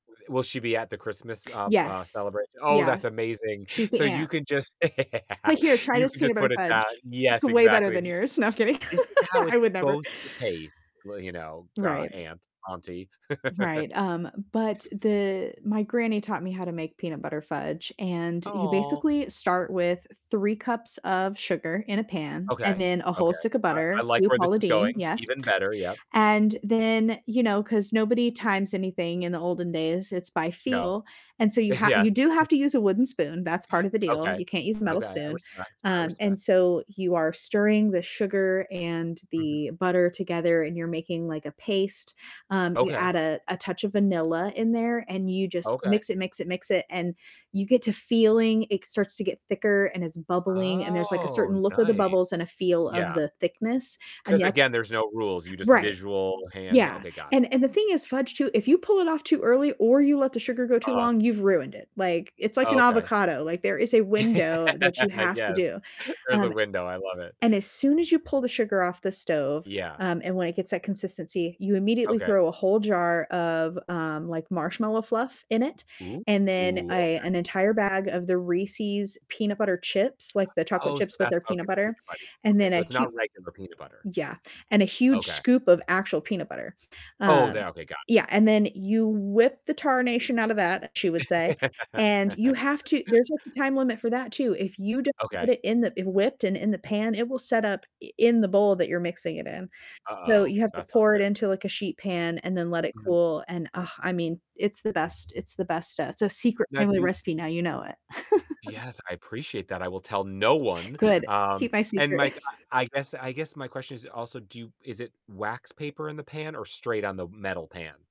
Will she be at the Christmas, uh, uh, Yes. celebration? Oh, Yeah. that's amazing. She's the So you aunt. can just Like, "Here, try you this can peanut just put butter it down fudge. It's Yes, way better exactly. than [unintelligible] yours." No, I'm kidding. "This is how I it's would never. supposed to taste, well, you know, gah, Right. Aunt Auntie." Right, um, but the my granny taught me how to make peanut butter fudge, and you Aw. basically start with 3 cups of sugar in a pan, and Okay, then a okay. whole stick of I I butter; like true where this Paula is going. Deen, yes. Even better. Yep. And then, you know, 'cause nobody times anything in the olden days, it's by No. feel, and so you ha Yes. you do have to use a wooden spoon, that's part of the deal, Okay, you can't use a metal okay. I spoon. respect, I Um, and respect. so you are stirring the sugar and Mhm. the butter together, and you're making, like, a paste, um, you Okay. add a a touch of vanilla in there, and you just Okay. mix it, mix it, mix it, and you get to feeling it starts to get thicker, and it's bubbling, and there's, like, a Oh, certain look of the bubbles and a nice. feel of Yeah. the thickness, and 'Cause yet again, there's no rules, you just Right. visual hand Yeah. okay, got it. And and the thing is fudge, too, if you pull it off too early or you let the sugar go too Uh-huh. long, you've ruined it. Like, it's like Oh, an okay. avocado, like, there is a window that you have to Yes. do. There's a Um, window, I love it. and as soon as you pull the sugar off the stove, Yeah. um, and when it gets that consistency, you immediately Okay. throw a whole jar of, um, like, marshmallow fluff in it, Ooh, and then a okay. an entire bag of the Reese's peanut butter chips, like the chocolate Oh, so chips, but that's they're how it peanut gets peanut butter, buttery. and Okay, then so a it's hu not regular peanut butter. Yeah, and a huge Okay. scoop of actual peanut butter, Oh, um, there okay, got it. yeah, and then you "whip the tarnation outta that," she would say, and you have to there's, like, a time limit for that, too. If you don't get Okay. it in the w whipped and in the pan, it will set up i in the bowl that you're mixing it in. So Uh-oh, you have to that's not pour good. it into, like, a sheet pan and then let it Mhm. cool and, uh, I mean, it's the best, it's the best stuff. It's a secret Now, family do recipe, you now you know it. Yes, I appreciate that, I will tell no one. Good. Um, Keep my and secret. my g I guess I guess my question is also do you is it wax paper in the pan or straight on the metal pan?